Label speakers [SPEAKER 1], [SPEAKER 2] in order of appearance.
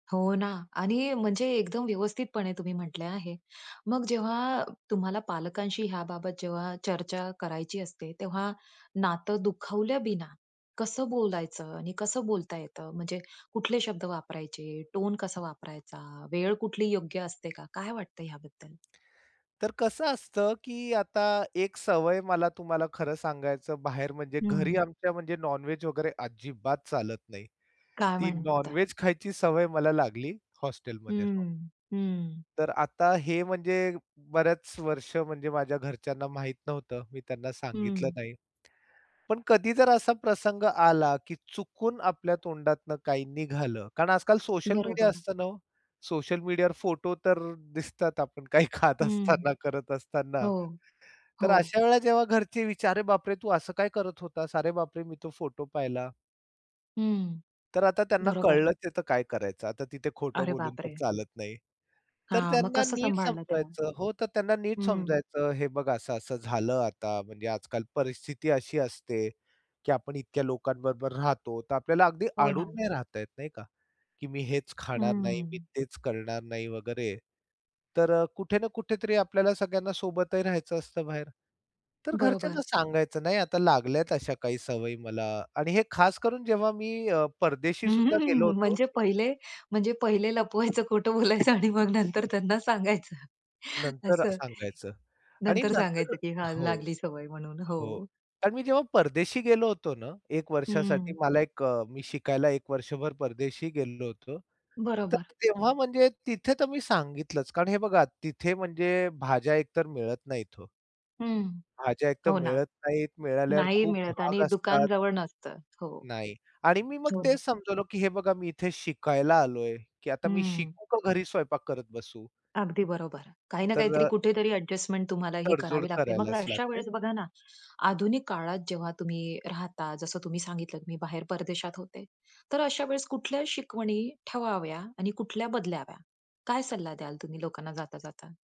[SPEAKER 1] हो ना. आणि म्हणजे एकदम व्यवस्थितपणे तुम्ही म्हटले आहे. मग जेव्हा तुम्हाला पालकांशी ह्या बाबत जेव्हा चर्चा करायची असते, तेव्हा नातं दुखावल्या बिना कसं बोलायचं आणि कसं बोलता येतं? म्हणजे कुठले शब्द वापरायचे, टोन कसा वापरायचा, वेळ कुठली योग्य असते का? काय वाटत याबद्दल?
[SPEAKER 2] तर कसं असतं की आता एक सवय मला तुम्हाला खरं सांगायचं बाहेर, म्हणजे घरी
[SPEAKER 1] हं.
[SPEAKER 2] आमच्या म्हणजे नॉन व्हेज वगैरे अजिबात चालत नाही.
[SPEAKER 1] काय
[SPEAKER 2] ती नॉन
[SPEAKER 1] म्हणता?
[SPEAKER 2] व्हेज खायची सवय मला लागली
[SPEAKER 1] हं,
[SPEAKER 2] हॉस्टेलमध्ये राहून.
[SPEAKER 1] हं. हं.
[SPEAKER 2] तर आता हे म्हणजे बऱ्याच वर्ष म्हणजे माझ्या घरच्यांना माहित नव्हतं. मी त्यांना सांगितलं
[SPEAKER 1] हं.
[SPEAKER 2] नाही. पण कधी जर असा प्रसंग आला की चुकून आपल्या तोंडातनं काही निघालं. कारण आजकाल सोशल मीडिया
[SPEAKER 1] बरोबर.
[SPEAKER 2] असतं ना हो. सोशल मीडियावर फोटो तर दिसतात आपण काही खात
[SPEAKER 1] हं.
[SPEAKER 2] असताना, करत असताना.
[SPEAKER 1] हो,
[SPEAKER 2] तर
[SPEAKER 1] हो.
[SPEAKER 2] अशा वेळेला जेव्हा घरचे विचारतात, "अरे बाप रे! तू असं काय करत होतास? अरे बाप रे! मी तो फोटो पाहिला."
[SPEAKER 1] हं,
[SPEAKER 2] तर आता त्यांना
[SPEAKER 1] बरोबर.
[SPEAKER 2] कळलंच आहे तर काय करायचं? आता तिथे खोटं
[SPEAKER 1] अरे
[SPEAKER 2] बोलून
[SPEAKER 1] बाप
[SPEAKER 2] तर
[SPEAKER 1] रे!
[SPEAKER 2] चालत नाही. तर
[SPEAKER 1] हां. मग
[SPEAKER 2] त्यांना
[SPEAKER 1] कसं
[SPEAKER 2] नीट
[SPEAKER 1] सांभाळलं त्याला?
[SPEAKER 2] समजवायचं हो, तर त्यांना नीट
[SPEAKER 1] हं.
[SPEAKER 2] समजवायचं. हे बघा असं-असं झालं आता म्हणजे आजकाल परिस्थिती अशी असते की आपण इतक्या लोकांबरोबर राहतो. तर आपल्याला अगदी
[SPEAKER 1] हो
[SPEAKER 2] अडून
[SPEAKER 1] ना.
[SPEAKER 2] नाही राहता येत, नाही का? की मी हेच खाणार नाही. मी
[SPEAKER 1] हं.
[SPEAKER 2] तेच करणार नाही, वगैरे. तर अ, कुठे ना कुठेतरी आपल्याला सगळ्यांना सोबतही राहायचं असतं बाहेर. तर
[SPEAKER 1] बरोबर.
[SPEAKER 2] घरच्यांना सांगायचं, नाही आता लागल्यात अशा काही सवयी मला आणि हे खास करून, जेव्हा मी अ, परदेशीसुद्धा गेलो होतो.
[SPEAKER 1] म्हणजे पहिले, म्हणजे पहिले लपवायचं, खोटं बोलायचं, आणि मग नंतर त्यांना सांगायचं
[SPEAKER 2] नंतर अ,
[SPEAKER 1] असं.
[SPEAKER 2] सांगायचं, आणि
[SPEAKER 1] नंतर
[SPEAKER 2] नंतर
[SPEAKER 1] सांगायचं की हा
[SPEAKER 2] हो,
[SPEAKER 1] लागली सवय म्हणून
[SPEAKER 2] हो.
[SPEAKER 1] हो.
[SPEAKER 2] कारण मी जेव्हा परदेशी गेलो होतो ना 1 वर्षासाठी,
[SPEAKER 1] हं.
[SPEAKER 2] मला एक अ, मी शिकायला 1 वर्षभर परदेशी गेलो होतो. तर
[SPEAKER 1] बरोबर.
[SPEAKER 2] तेव्हा म्हणजे तिथे तर मी सांगितलंच. कारण हे बघा, तिथे म्हणजे भाज्या एक तर मिळत नाहीत हो.
[SPEAKER 1] हं.
[SPEAKER 2] भाज्या एक तर
[SPEAKER 1] हो ना.
[SPEAKER 2] मिळत नाहीत. मिळाल्यावर
[SPEAKER 1] नाही
[SPEAKER 2] खूप
[SPEAKER 1] मिळत आणि
[SPEAKER 2] महाग
[SPEAKER 1] दुकान
[SPEAKER 2] असतात.
[SPEAKER 1] जवळ नसतं. हो.
[SPEAKER 2] नाही आणि मी मग
[SPEAKER 1] हो ना.
[SPEAKER 2] तेच समजवलं की हे बघा मी इथे शिकायला आलोय. की आता मी
[SPEAKER 1] हं.
[SPEAKER 2] शिकू का घरी स्वयंपाक करत बसू?
[SPEAKER 1] अगदी बरोबर. काही ना
[SPEAKER 2] तर
[SPEAKER 1] काहीतरी,
[SPEAKER 2] अ
[SPEAKER 1] कुठेतरी ॲडजस्टमेंट तुम्हाला ही
[SPEAKER 2] तडजोड
[SPEAKER 1] करावी लागते. मग
[SPEAKER 2] करायलाच
[SPEAKER 1] अशा
[SPEAKER 2] लागते.
[SPEAKER 1] वेळेस बघा ना आधुनिक काळात जेव्हा तुम्ही राहता, जसं तुम्ही सांगितलत, मी बाहेर परदेशात होते. तर अशा वेळेस कुठल्या शिकवणी ठेवाव्या आणि कुठल्या बदलाव्या? काय सल्ला द्याल तुम्ही लोकांना, जाता-जाता?